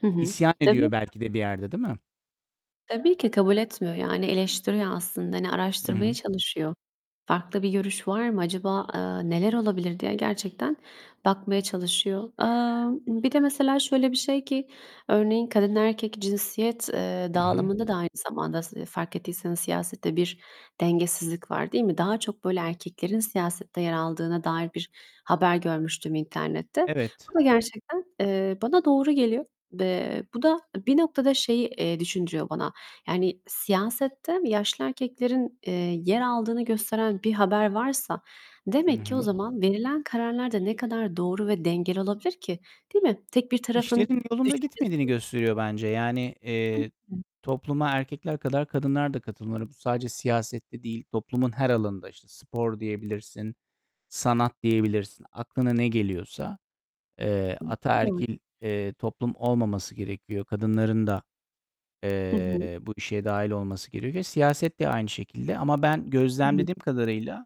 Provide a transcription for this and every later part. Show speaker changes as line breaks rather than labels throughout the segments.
Hı hı.
İsyan
Tabii.
ediyor belki de bir yerde, değil mi?
Tabii ki kabul etmiyor. Yani, eleştiriyor aslında. Hani, araştırmaya
Hıı.
çalışıyor. "Farklı bir görüş var mı acaba?", eee, "neler olabilir?" diye gerçekten bakmaya çalışıyor. Eee, bir de mesela şöyle bir şey ki, örneğin, kadın, erkek cinsiyet, eee,
Hı hı.
dağılımında da aynı zamanda s fark ettiyseniz siyasette bir dengesizlik var, değil mi? Daha çok böyle erkeklerin siyasette yer aldığına dair bir haber görmüştüm internette.
Evet.
Bu da gerçekten, eee, bana doğru geliyor. Ve bu da bir noktada şeyi, eee, düşündürüyor bana. Yani siyasette yaşlı erkeklerin, eee, yer aldığını gösteren bir haber varsa,
Hı
demek ki o
hı.
zaman verilen kararlar da ne kadar doğru ve dengeli olabilir ki, değil mi? Tek bir tarafın
İşlerin yolunda gitmediğini
düşüncesi
gösteriyor bence. Yani, eee,
[unintelligible]
topluma erkekler kadar kadınlar da katılmalı. Bu sadece siyasette değil, toplumun her alanında. İşte spor diyebilirsin, sanat diyebilirsin, aklına ne geliyorsa. Eee,
[unintelligible]
ataerkil, eee, toplum olmaması gerekiyor. Kadınların da,
Hı hı.
eee, bu işe dâhil olması gerekiyor. Siyaset de aynı şekilde. Ama ben
Hı hı.
gözlemlediğim kadarıyla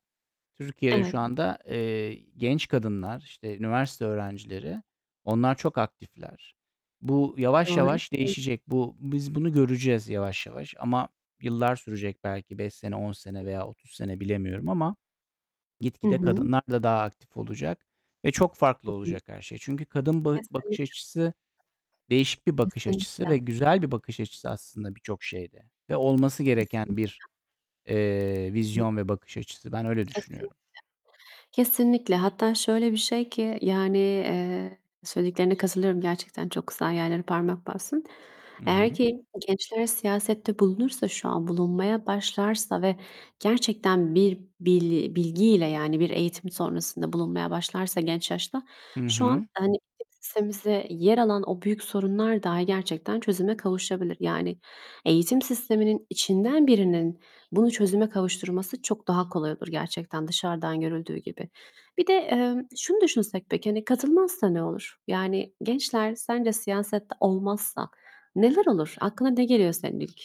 Türkiye'de şu
Evet.
anda, eee, genç kadınlar, işte, üniversite öğrencileri, onlar çok aktifler. Bu yavaş
Doğru.
yavaş
[unintelligible]
değişecek. Bu biz bunu göreceğiz yavaş yavaş ama yıllar sürecek belki 5 sene, 10 sene veya 30 sene bilemiyorum ama
Hı
gitgide
hı.
kadınlar da daha aktif olacak ve çok
Hı
farklı
hı.
olacak her şey. Çünkü kadın bı bakış
Kesinlikle.
açısı değişik bir bakış açısı
Kesinlikle.
ve güzel bir bakış açısı aslında birçok şeyde ve olması gereken
Kesinlikle.
bir, eee,
Hı hı.
vizyon ve bakış açısı. Ben öyle
Kesinlikle.
düşünüyorum.
Kesinlikle. Hatta şöyle bir şey ki, yani, eee, söylediklerine katılıyorum. Gerçekten çok güzel yerlere parmak bastın.
Hı
Eğer
hı.
ki gençler siyasette bulunursa şu an, bulunmaya başlarsa ve gerçekten bir bili bilgiyle, yani, bir eğitim sonrasında bulunmaya başlarsa genç yaşta,
Hı
şu an,
hı.
hani, [unintelligible] yer alan o büyük sorunlar dahi gerçekten çözüme kavuşabilir. Yani, eğitim sisteminin içinden birinin bunu çözüme kavuşturması çok daha kolay olur gerçekten, dışarıdan görüldüğü gibi. Bir de, eee, şunu düşünsek peki, hani, katılmazsa ne olur? Yani, gençler sence siyasette olmazsa neler olur? Aklına ne geliyor senin ilk?